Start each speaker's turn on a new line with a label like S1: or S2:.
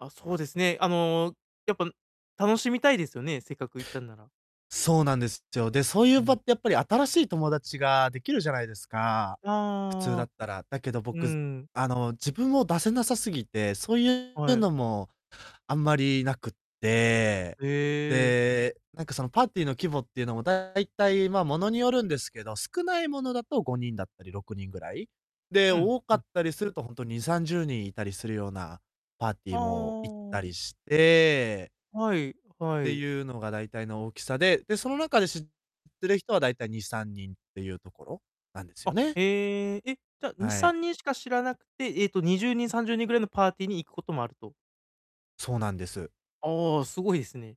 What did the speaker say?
S1: あ、そうですね。あの、やっぱ、ん楽しみたいですよね。せっかく行ったんなら。
S2: そうなんですっちょ。で、そうい
S1: う
S2: う場
S1: ん。
S2: って、やっぱり新しい友達ができるじゃないですか。普通だ
S1: あ
S2: っ
S1: あ。
S2: たら。だけど
S1: う
S2: 僕、
S1: ん。
S2: あの、自分を出せなさすぎて、そういう
S1: はい。
S2: のも、あんまりなくって、
S1: へえ。
S2: で、なんか、そのパーティーの規模っていうのも、大体、ま、ものによるんですけど、少ないものだと5人だったり、6人ぐらい。で、
S1: うん
S2: 多か
S1: うん。
S2: ったりするとほんと、2、30人いたりするようなパーティ
S1: あ
S2: ーも行った
S1: あ。
S2: りして。
S1: はいは
S2: て
S1: い。
S2: いうのが大体の大きさで、で、その中で知ってる人は大体2、3人っていうところ、なんですよ
S1: あ、
S2: ね。
S1: へえ。え、じゃあ、に
S2: は
S1: さ
S2: い。
S1: んにんしか知らなくて、ええと20人、30人ぐらいのパーティーに行くこともあると。
S2: そうなんです。
S1: ああ。すごいですね。